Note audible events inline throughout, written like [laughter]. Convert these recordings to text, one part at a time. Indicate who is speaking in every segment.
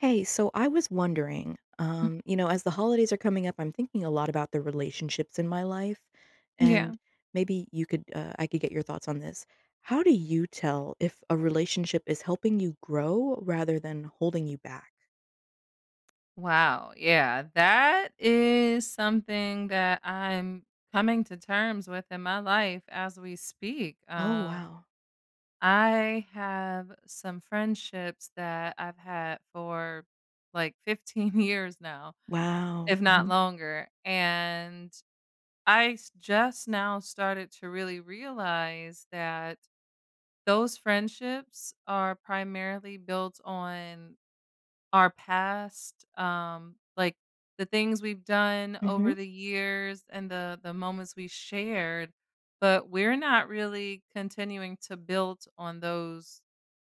Speaker 1: Hey, so I was wondering,
Speaker 2: M
Speaker 1: um, you know, as the holidays are coming up, I'm thinking a lot about the relationships in my life,
Speaker 2: Yeah.
Speaker 1: and maybe you could, uh I could get your thoughts on this. How do you tell if a relationship is helping you grow rather than holding you back?
Speaker 2: Wow, yeah, that is something that I'm coming to terms with in my life as we speak,
Speaker 1: Oh
Speaker 2: um
Speaker 1: wow.
Speaker 2: I have some friendships that I've had for, like, 15 years now,
Speaker 1: Wow,
Speaker 2: if not
Speaker 1: mhm.
Speaker 2: longer, and I s just now started to really realize that those friendships are primarily built on our past, um like, the things we've done over
Speaker 1: Mhm.
Speaker 2: the years and the the moments we shared, but we're not really continuing to build on those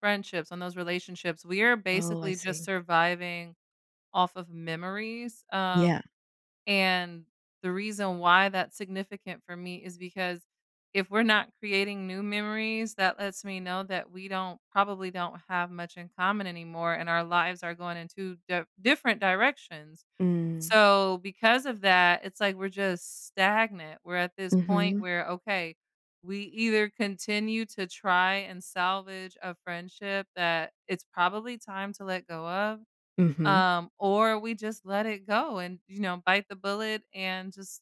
Speaker 2: friendships, on those relationships, we are
Speaker 1: Oh, I
Speaker 2: basically just
Speaker 1: see.
Speaker 2: surviving off of memories, um,
Speaker 1: Yeah.
Speaker 2: and the reason why that's significant for me is because if we're not creating new memories that lets me know that we don't probably don't have much in common anymore, and our lives are going in 2 diff different directions.
Speaker 1: Mm.
Speaker 2: So, because of that, it's like we're just stagnant, we're at this point
Speaker 1: Mhm.
Speaker 2: where, okay, we either continue to try and salvage a friendship that it's probably time to let go of,
Speaker 1: Mhm.
Speaker 2: um, or we just let it go and, you know, bite the bullet and just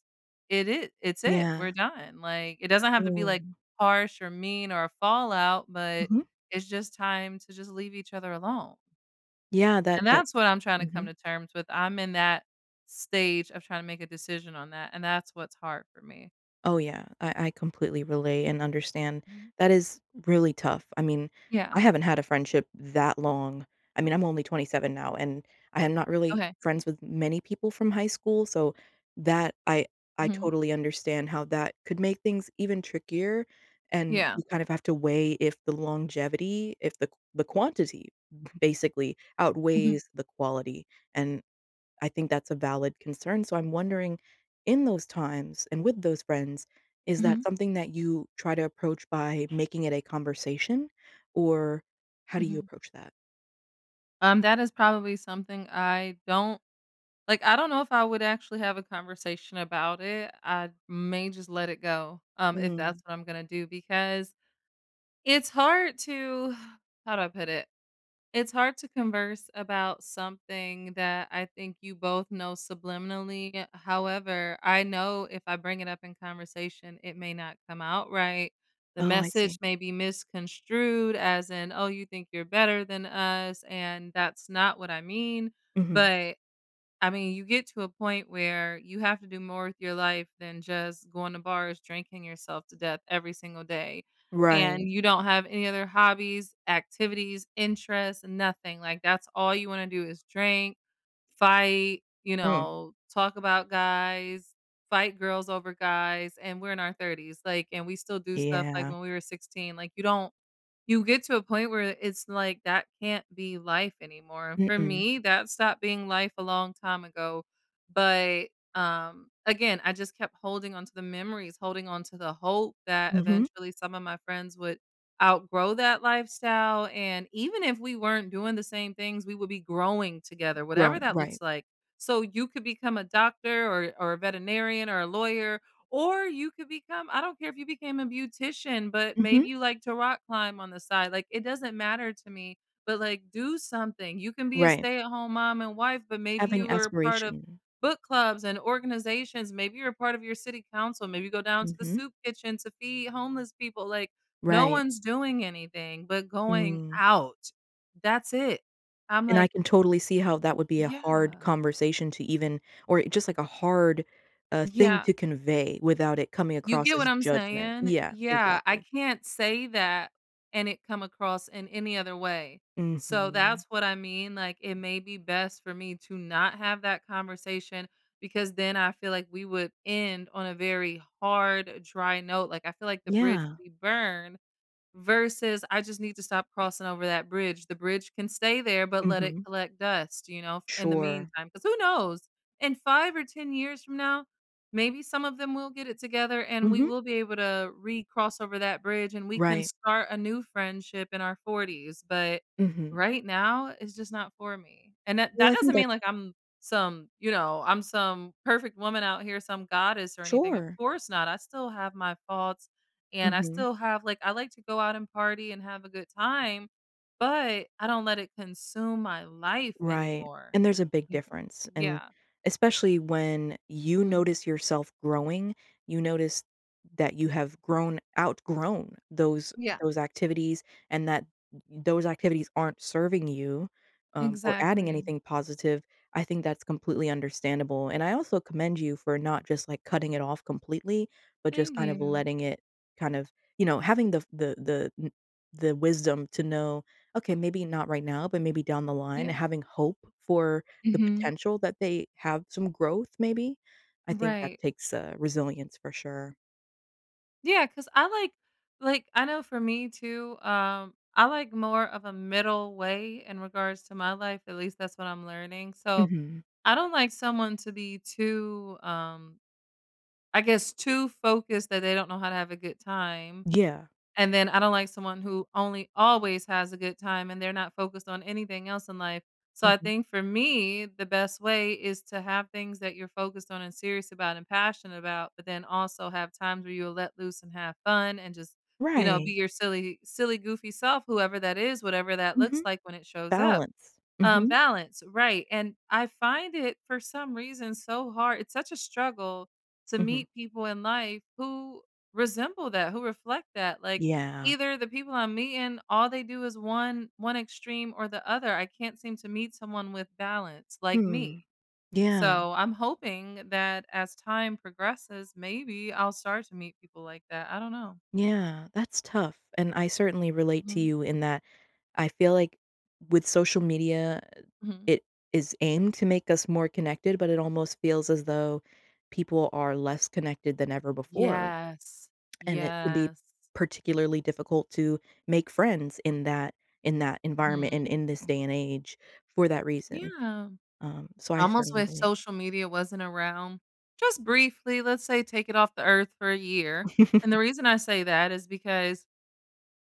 Speaker 2: it it it's it, we're
Speaker 1: Yeah.
Speaker 2: done, like, it doesn't
Speaker 1: Or,
Speaker 2: have to be, like,
Speaker 1: um
Speaker 2: harsh or mean, or a fallout, but
Speaker 1: Mhm.
Speaker 2: it's just time to just leave each other alone.
Speaker 1: Yeah, that
Speaker 2: And
Speaker 1: that
Speaker 2: that's what
Speaker 1: p
Speaker 2: I'm trying to come
Speaker 1: Mhm.
Speaker 2: to terms with I'm in that stage of trying to make a decision on that, and that's what's hard for me.
Speaker 1: Oh, yeah, I I completely relate and understand.
Speaker 2: Mhm.
Speaker 1: That is, really tough, I mean,
Speaker 2: Yeah.
Speaker 1: I haven't had a friendship that long. I mean, I'm only 27 now, and, I am not really
Speaker 2: Okay.
Speaker 1: friends with many people from high school, so, that I I
Speaker 2: Mhm.
Speaker 1: totally understand how that could make things even trickier, and,
Speaker 2: Yeah.
Speaker 1: you kinda have to weigh if the longevity, if the q the quantity, basically
Speaker 2: Mhm.
Speaker 1: outweighs the quality. And, I think that's a valid concern, so I'm wondering, in those times, and with those friends, is that
Speaker 2: Mhm.
Speaker 1: something that you try to approach by making it a conversation, or, how do you
Speaker 2: Mhm.
Speaker 1: approach that?
Speaker 2: Um, that is probably something I don't like, I don't know if I would actually have a conversation about it. I may just let it go, um, if
Speaker 1: Mm.
Speaker 2: that's what I'm gonna do, because, it's hard to [sighs] how do I put it? It's hard to converse about something that I think you both know subliminally, eh, however, I know if I bring it up in conversation, it may not come out right. The
Speaker 1: Oh, I see.
Speaker 2: message may be misconstrued as in, "Oh, you think you're better than us," and that's not what I mean.
Speaker 1: Mhm.
Speaker 2: But, I mean, you get to a point where you have to do more with your life than just going to bars, drinking yourself to death, every single day,
Speaker 1: Right.
Speaker 2: and, you don't have any other hobbies, activities, interests, nothing, like, that's all you wanna do is drink, fight, you
Speaker 1: Mm.
Speaker 2: know, talk about guys, fight girls over guys, and we're in our 30s, like, and we still do stuff, like,
Speaker 1: Yeah.
Speaker 2: when we were 16, like, you don't you get to a point where i it's like, that can't be life anymore, for
Speaker 1: Mm-mm.
Speaker 2: me, that stopped being life a long time ago. But, um, again, I just kept holding on to the memories, holding on to the hope that
Speaker 1: Mhm.
Speaker 2: eventually some of my friends would, outgrow that lifestyle, and even if we weren't doing the same things, we will be growing together, whatever
Speaker 1: Growing,
Speaker 2: that looks
Speaker 1: right.
Speaker 2: like. So, you could become a doctor or or a veterinarian or a lawyer, or you could become I don't care if you became a beautician, but, maybe
Speaker 1: Mhm.
Speaker 2: you like to rock climb on the side, like, it doesn't matter to me, but, like, do something! You can be a
Speaker 1: Right.
Speaker 2: stay-at-home mom and wife, but maybe you
Speaker 1: Having
Speaker 2: were part of
Speaker 1: aspiration.
Speaker 2: book clubs and organizations, maybe you're part of your city council, maybe go down to the
Speaker 1: Mhm.
Speaker 2: soup kitchen to feed homeless people, like, no
Speaker 1: Right.
Speaker 2: one's doing anything, but going
Speaker 1: Mm.
Speaker 2: out! That's it. I'm
Speaker 1: And I
Speaker 2: like
Speaker 1: can totally see how that would be a hard
Speaker 2: Yeah.
Speaker 1: conversation to even or, eh, just like a hard, uh, thing
Speaker 2: Yeah.
Speaker 1: to convey without it coming
Speaker 2: You
Speaker 1: across
Speaker 2: get what
Speaker 1: as
Speaker 2: I'm
Speaker 1: judgment
Speaker 2: saying?
Speaker 1: yeah,
Speaker 2: Yeah, I
Speaker 1: exactly.
Speaker 2: can't say that, and it come across in any other way. So,
Speaker 1: Mhm.
Speaker 2: that's what I mean, like, it may be best for me to not have that conversation, because then I feel like we would end on a very hard, dry note, like, I feel like the bridge
Speaker 1: Yeah.
Speaker 2: will be burned, versus, I just need to stop crossing over that bridge, the bridge can stay there, but let it
Speaker 1: Mhm.
Speaker 2: collect dust, you know, f in the
Speaker 1: Sure.
Speaker 2: meantime, 'cause who knows? In 5 or 10 years from now, maybe some of them will get it together, and we
Speaker 1: Mhm.
Speaker 2: will be able to, recross over that bridge, and we can
Speaker 1: Right.
Speaker 2: start a new friendship in our 40s, but,
Speaker 1: Mhm.
Speaker 2: right now, it's just not for me. And that
Speaker 1: Well,
Speaker 2: that
Speaker 1: I
Speaker 2: doesn't
Speaker 1: think
Speaker 2: mean,
Speaker 1: that
Speaker 2: like, I'm some, you know I'm some perfect woman out here, some goddess or anything, of
Speaker 1: Sure!
Speaker 2: course not, I still have my faults, and I
Speaker 1: Mhm.
Speaker 2: still have like, I like to go out and party and have a good time, but, I don't let it consume my life
Speaker 1: Right,
Speaker 2: anymore
Speaker 1: and there's a big difference, and
Speaker 2: yeah.
Speaker 1: especially when, you
Speaker 2: Mm.
Speaker 1: notice yourself growing, you notice, that you have grown outgrown those
Speaker 2: Yeah.
Speaker 1: those activities and that th those activities aren't serving you, um, or adding
Speaker 2: Exactly.
Speaker 1: anything positive, I think that's completely understandable, and I also commend you for not just, like, cutting it off completely, but just
Speaker 2: Thank
Speaker 1: kind of
Speaker 2: you.
Speaker 1: letting it, kind of, you know having the the kn the the wisdom to know, "Okay, maybe not right now, but maybe down the line,"
Speaker 2: Yeah.
Speaker 1: having hope for the
Speaker 2: Mhm.
Speaker 1: potential that they have some growth, maybe? I think that
Speaker 2: Right.
Speaker 1: takes, uh, resilience for sure.
Speaker 2: Yeah 'cause I like like, I know for me too, um, I like more of a middle way in regards to my life, at least that's what I'm learning, so,
Speaker 1: Mhm.
Speaker 2: I don't like someone to be too, um I guess too focused that they don't know how to have a good time.
Speaker 1: Yeah.
Speaker 2: And then I don't like someone who only always has a good time, and they're not focused on anything else in life. So I
Speaker 1: Mhm.
Speaker 2: think for me, the best way is to have things that you're focused on and serious about and passionate about, but then also have times where you'll let loose and have fun and just, you know, be
Speaker 1: Right.
Speaker 2: your silly silly goofy self, whoever that is, whatever that looks
Speaker 1: Mhm.
Speaker 2: like when it shows up.
Speaker 1: Balance.
Speaker 2: Um
Speaker 1: Mhm.
Speaker 2: balance, right, and I find it, for some reason, so hard it's such a struggle to
Speaker 1: Mhm.
Speaker 2: meet people in life who resemble that, who reflect that, like,
Speaker 1: Yeah.
Speaker 2: either the people I'm meeting, all they do is one one extreme or the other I can't seem to meet someone with balance like
Speaker 1: Hmm.
Speaker 2: me.
Speaker 1: Yeah.
Speaker 2: So I'm hoping that as time progresses, maybe I'll start to meet people like that. I don't know.
Speaker 1: Yeah, that's tough and I certainly relate to
Speaker 2: Hmm.
Speaker 1: you in that I feel like with social media, eh,
Speaker 2: Mhm.
Speaker 1: it is aimed to make us more connected, but it almost feels as though people are less connected than ever before.
Speaker 2: Yes.
Speaker 1: [smacks lips] And it can be
Speaker 2: Yes.
Speaker 1: particularly difficult to make friends in that in that environment and
Speaker 2: Mhm.
Speaker 1: in this day and age for that reason.
Speaker 2: Yeah.
Speaker 1: Um, so I
Speaker 2: Almost
Speaker 1: certainly
Speaker 2: wish
Speaker 1: believe
Speaker 2: social media wasn't around. Just briefly, let's say, take it off the earth for a year. And the
Speaker 1: [chuckles]
Speaker 2: reason I say that is because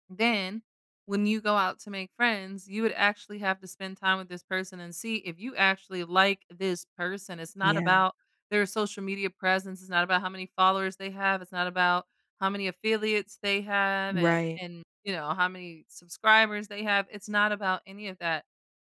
Speaker 2: then when you go out to make friends, you would actually have to spend time with this person and see if you actually like this person, it's not
Speaker 1: Yeah.
Speaker 2: about their social media presence, it's not about how many followers they have, it's not about how many affiliates they have and
Speaker 1: Right.
Speaker 2: and, you know, how many subscribers they have, it's not about any of that.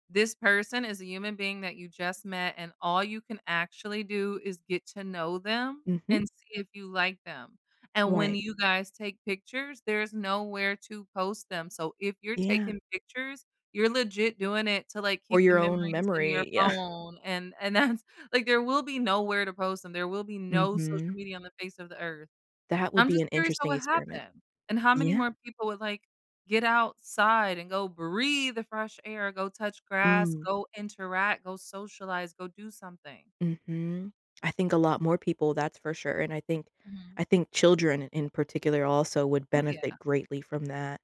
Speaker 2: This person is a human being that you just met, and all you can actually do is get to know them
Speaker 1: Mhm.
Speaker 2: and see if you like them. And when
Speaker 1: Right.
Speaker 2: you guys take pictures, there's nowhere to post them, so if you're
Speaker 1: Yeah.
Speaker 2: taking pictures, you're legit doing it to, like,
Speaker 1: Or
Speaker 2: keep the
Speaker 1: your own
Speaker 2: memories in your
Speaker 1: memory. Yeah.
Speaker 2: phone, and and that's like, there will be nowhere to post them, there will be no social
Speaker 1: Mhm.
Speaker 2: media on the face of the earth.
Speaker 1: That would
Speaker 2: I'm
Speaker 1: be
Speaker 2: just
Speaker 1: an
Speaker 2: curious what
Speaker 1: interesting
Speaker 2: would
Speaker 1: experiment.
Speaker 2: happen, and how many
Speaker 1: Yeah.
Speaker 2: more people would, like, get outside and go breathe the fresh air, go touch grass,
Speaker 1: Mm.
Speaker 2: go interact, go socialize, go do something.
Speaker 1: Mhm. I think a lot more people that's for sure and I think
Speaker 2: Mhm.
Speaker 1: I think children in particular also would
Speaker 2: Oh, yeah.
Speaker 1: benefit greatly from that,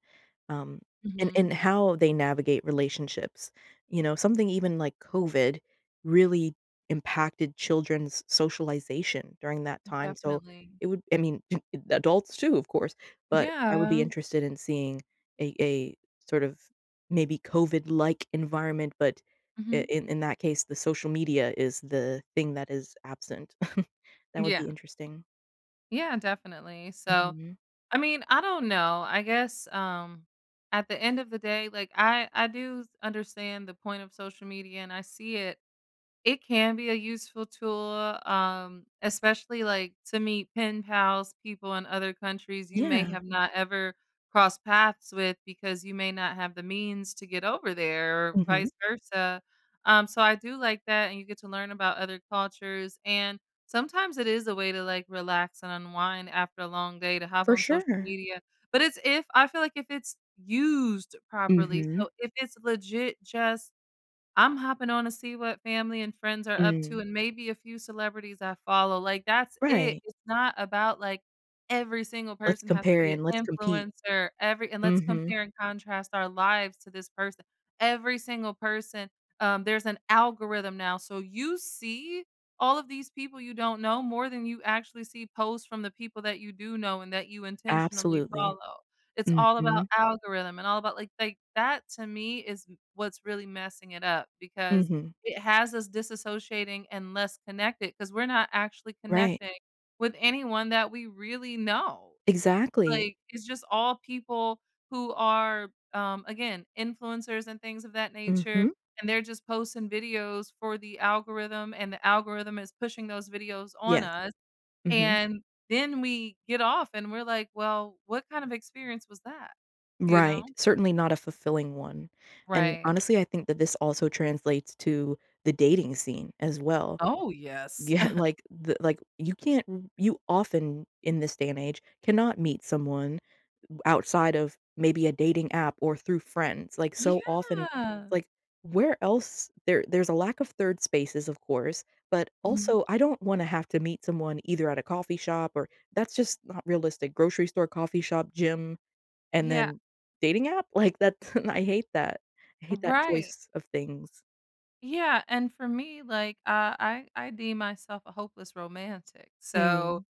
Speaker 1: um, and and
Speaker 2: Mhm.
Speaker 1: how they navigate relationships. You know? Something even like COVID really impacted children's socialization during that time, so,
Speaker 2: Definitely.
Speaker 1: it would I mean, [chuckles] adults too, of course, but I would be
Speaker 2: Yeah.
Speaker 1: interested in seeing a a sort of maybe COVID-like environment but i
Speaker 2: Mhm.
Speaker 1: in in that case, the social media is the thing that is absent. [chuckles] That would
Speaker 2: Yeah.
Speaker 1: be interesting.
Speaker 2: Yeah, definitely, so.
Speaker 1: Mhm.
Speaker 2: I mean, I don't know, I guess, um, at the end of the day, like, I I do s understand the point of social media, and I see it. It can be a useful tool, um, especially, like, to meet pen pals, people in other countries you may
Speaker 1: Yeah.
Speaker 2: have not ever crossed paths with because you may not have the means to get over there or
Speaker 1: Mhm.
Speaker 2: vice versa. Um, so I do like that, and you get to learn about other cultures, and sometimes it is a way to, like, relax and unwind after a long day to hop
Speaker 1: For
Speaker 2: on social
Speaker 1: sure.
Speaker 2: media, but it's if I feel like if it's used properly,
Speaker 1: Mhm.
Speaker 2: so if it's legit, just I'm hopping on to see what family and friends are up to
Speaker 1: Mm.
Speaker 2: and maybe a few celebrities I follow, like, that's it.
Speaker 1: Right.
Speaker 2: It's not about, like, every single
Speaker 1: Let's
Speaker 2: person has to
Speaker 1: compare
Speaker 2: be
Speaker 1: and let's
Speaker 2: an
Speaker 1: compete.
Speaker 2: influencer every and let's
Speaker 1: Mhm.
Speaker 2: compare and contrast our lives to this person, every single person, um, there's an algorithm now, so you see all of these people you don't know more than you actually see posts from the people that you do know and that you intentionally
Speaker 1: Absolutely.
Speaker 2: follow. It's all about
Speaker 1: Mhm.
Speaker 2: algorithm and all about, like like, that to me is m what's really messing it up because
Speaker 1: Mhm.
Speaker 2: it has us disassociating and less connected 'cause we're not actually
Speaker 1: Right.
Speaker 2: connecting with anyone that we really know.
Speaker 1: Exactly.
Speaker 2: Like, it's just all people who are, um, again, influencers and things of that nature,
Speaker 1: Mhm.
Speaker 2: and they're just posting videos for the algorithm, and the algorithm is pushing those videos on
Speaker 1: Yes.
Speaker 2: us,
Speaker 1: Mhm.
Speaker 2: and then we get off, and we're like, "Well, what kind of experience was that?" You
Speaker 1: Right,
Speaker 2: know?
Speaker 1: certainly not a fulfilling one. And,
Speaker 2: Right.
Speaker 1: honestly, I think that this also translates to the dating scene as well.
Speaker 2: Oh, yes.
Speaker 1: Yeah.
Speaker 2: [chuckles]
Speaker 1: Like, the like, you can't you, often in this day and age, cannot meet someone m outside of maybe a dating app or through friends, like, so often
Speaker 2: Yeah!
Speaker 1: like, where else there there's a lack of 3rd spaces, of course, but
Speaker 2: Mhm.
Speaker 1: also, I don't wanna have to meet someone either at a coffee shop or that's just not realistic, grocery store, coffee shop, gym, and
Speaker 2: Yeah.
Speaker 1: then dating app? Like, that [chuckles] I hate that. I hate that
Speaker 2: Right.
Speaker 1: choice of things.
Speaker 2: Yeah, and for me, like, uh, I I deem myself a hopeless romantic, so,
Speaker 1: Mm.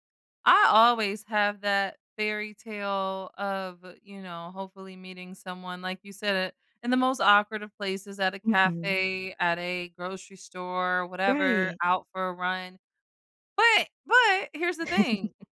Speaker 2: I always have that fairytale of, you know, hopefully meeting someone, like you said, in the most awkward of places; at a
Speaker 1: Mhm.
Speaker 2: cafe, at a grocery store, whatever,
Speaker 1: Right.
Speaker 2: out for a run. But but here's the thing,
Speaker 1: [giggles]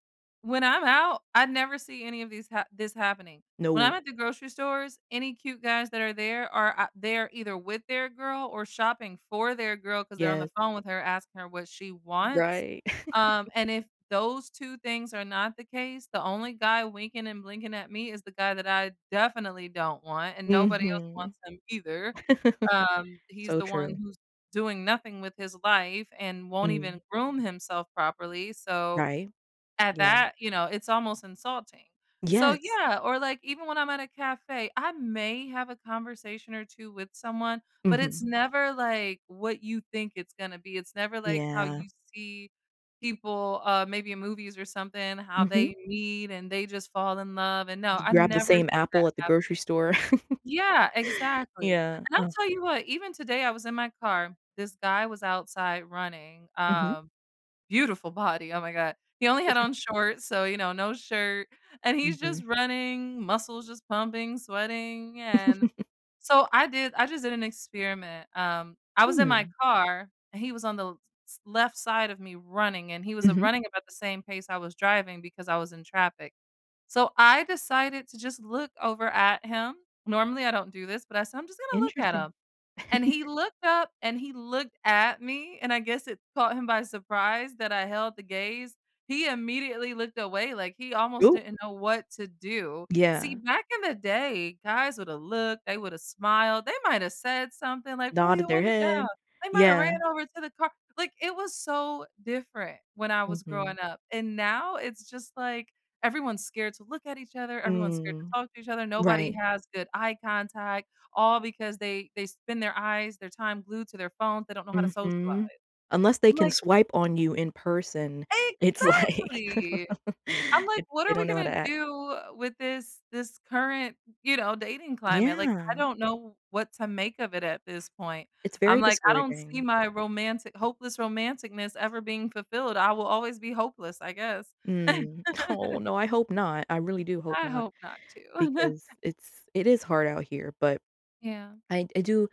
Speaker 2: when I'm out, I never see any of these ha this happening. When I'm
Speaker 1: No.
Speaker 2: at the grocery stores, any cute guys that are there are, are ou they're either with their girl or shopping for their girl 'cause they're on the
Speaker 1: Yes.
Speaker 2: phone with her asking her what she wants,
Speaker 1: Right. [laughs]
Speaker 2: um, and if those 2 things are not the case, the only guy winking and blinking at me is the guy that I definitely don't want, and nobody else
Speaker 1: Mhm.
Speaker 2: wants him either,
Speaker 1: [laughs]
Speaker 2: um, he's
Speaker 1: So
Speaker 2: the one
Speaker 1: true.
Speaker 2: who's doing nothing with his life and won't even
Speaker 1: Mm.
Speaker 2: groom himself properly, so,
Speaker 1: Right?
Speaker 2: at
Speaker 1: Yeah.
Speaker 2: that, you know, it's almost insulting. So,
Speaker 1: Yes.
Speaker 2: yeah, or, like, even when I'm at a cafe, I may have a conversation or 2 with someone, but it's
Speaker 1: Mhm.
Speaker 2: never, like, what you think it's gonna be, it's never, like, how
Speaker 1: Yeah.
Speaker 2: you see people, uh, maybe in movies or something, how
Speaker 1: Mhm.
Speaker 2: they meet and they just fall in love, and, no,
Speaker 1: D
Speaker 2: I
Speaker 1: grab the
Speaker 2: never
Speaker 1: same
Speaker 2: see that
Speaker 1: apple at the
Speaker 2: happening.
Speaker 1: grocery store.
Speaker 2: Yeah,
Speaker 1: [laughs]
Speaker 2: exactly,
Speaker 1: Yeah,
Speaker 2: and I'll
Speaker 1: oh.
Speaker 2: tell you what, even today, I was in my car, this guy was outside running,
Speaker 1: Mhm.
Speaker 2: um, beautiful body, oh my god, he only had
Speaker 1: [laughs]
Speaker 2: on shorts, so, you know, no shirt. And he's
Speaker 1: Mhm.
Speaker 2: just running, muscles just pumping, sweating, and
Speaker 1: [giggles]
Speaker 2: so, I did I just did an experiment, um, I was in my
Speaker 1: Hmm.
Speaker 2: car, and he was on the l s left side of me running, and he was, uh,
Speaker 1: Mhm.
Speaker 2: running about the same pace I was driving because I was in traffic. So, I decided to just look over at him. Normally, I don't do this, but I said, "I'm just gonna look at
Speaker 1: Interesting.
Speaker 2: him." And he
Speaker 1: [chuckles]
Speaker 2: looked up and he looked at me, and I guess it caught him by surprise that I held the gaze, he immediately looked away, like, he almost
Speaker 1: Ooh.
Speaker 2: didn't know what to do. See,
Speaker 1: Yeah.
Speaker 2: back in the day, guys would've looked, they would've smiled, they might have said something like, "Roll
Speaker 1: Nodded
Speaker 2: your
Speaker 1: their
Speaker 2: window down."
Speaker 1: head.
Speaker 2: They might have
Speaker 1: Yeah.
Speaker 2: ran over to the car Like, it was so different when I was
Speaker 1: Mhm.
Speaker 2: growing up, and now, it's just like everyone's scared to look at each other. Everyone's scared to
Speaker 1: Mm.
Speaker 2: talk to each other. Nobody
Speaker 1: Right.
Speaker 2: has good eye contact all because they they spend their eyes their time glued to their phones. They don't know how to
Speaker 1: Mhm.
Speaker 2: socialize.
Speaker 1: Unless they
Speaker 2: I'm
Speaker 1: can
Speaker 2: like
Speaker 1: swipe on you in person, it's like,
Speaker 2: Exactly.
Speaker 1: [chuckles]
Speaker 2: I'm like,
Speaker 1: eh,
Speaker 2: "What
Speaker 1: they
Speaker 2: are we
Speaker 1: don't know how to
Speaker 2: gonna
Speaker 1: act.
Speaker 2: do with this this current," you know, "dating climate?" Like, I
Speaker 1: Yeah.
Speaker 2: don't know what to make of it at this point.
Speaker 1: It's
Speaker 2: I'm
Speaker 1: very
Speaker 2: like, "I don't see
Speaker 1: discouraging.
Speaker 2: my romanti hopeless romantic-ness ever being fulfilled, I will always be hopeless, I guess."
Speaker 1: Mm.
Speaker 2: [laughs]
Speaker 1: Aw, no. I hope not. I really do hope
Speaker 2: I
Speaker 1: not
Speaker 2: hope not, too.
Speaker 1: because
Speaker 2: [chuckles]
Speaker 1: it's it is hard out here, but
Speaker 2: Yeah.
Speaker 1: I I do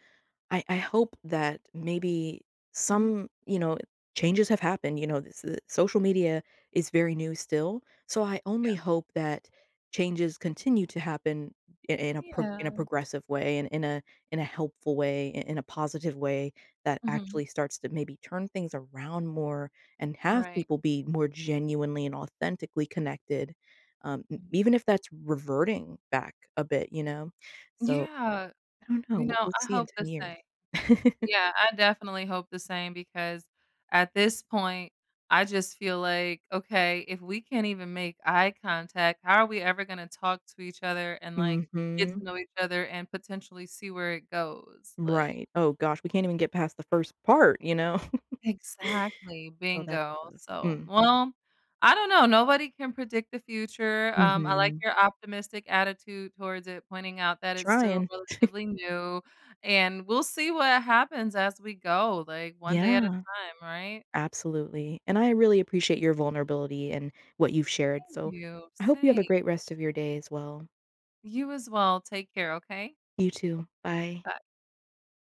Speaker 1: I I hope that maybe
Speaker 2: Mhm.
Speaker 1: some, you know, changes have happened. You know, th s social media is very new, still. So, I
Speaker 2: Yeah.
Speaker 1: only hope that changes continue to happen i in a pro in a
Speaker 2: Yeah.
Speaker 1: progressive way, and in a in a helpful way, i in a positive way that
Speaker 2: Mhm.
Speaker 1: actually starts to maybe turn things around more and have
Speaker 2: Right.
Speaker 1: people be more genuinely and authentically connected, um, n
Speaker 2: Mm.
Speaker 1: even if that's reverting back a bit, you know? So,
Speaker 2: Yeah.
Speaker 1: I don't know.
Speaker 2: You
Speaker 1: W
Speaker 2: know,
Speaker 1: we'll
Speaker 2: I
Speaker 1: see in
Speaker 2: hope the
Speaker 1: 10 years.
Speaker 2: same.
Speaker 1: [laughs]
Speaker 2: Yeah, I definitely hope the same, because at this point, I just feel like, okay, "If we can't even make eye contact, how are we ever gonna talk to each other and, like, get to
Speaker 1: Mhm.
Speaker 2: know each other and potentially see where it goes?" Like
Speaker 1: Right. Oh, gosh, we can't even get past the 1st part, you know? [laughs]
Speaker 2: Exactly,
Speaker 1: So that's
Speaker 2: bingo,
Speaker 1: oof
Speaker 2: so,
Speaker 1: mm.
Speaker 2: well, I don't know. Nobody can predict the future. Um, I like
Speaker 1: Mhm.
Speaker 2: your optimistic attitude towards it, pointing out that it's still
Speaker 1: Trying. [chuckles]
Speaker 2: relatively new, and we'll see what happens as we go, like, one day at a
Speaker 1: Yeah.
Speaker 2: time, right?
Speaker 1: Absolutely, and I really appreciate your vulnerability and what you've shared,
Speaker 2: Thank
Speaker 1: so,
Speaker 2: you.
Speaker 1: I hope you have a
Speaker 2: Same.
Speaker 1: great rest of your day as well.
Speaker 2: You as well. Take care, okay?
Speaker 1: You, too. Bye.
Speaker 2: Bye.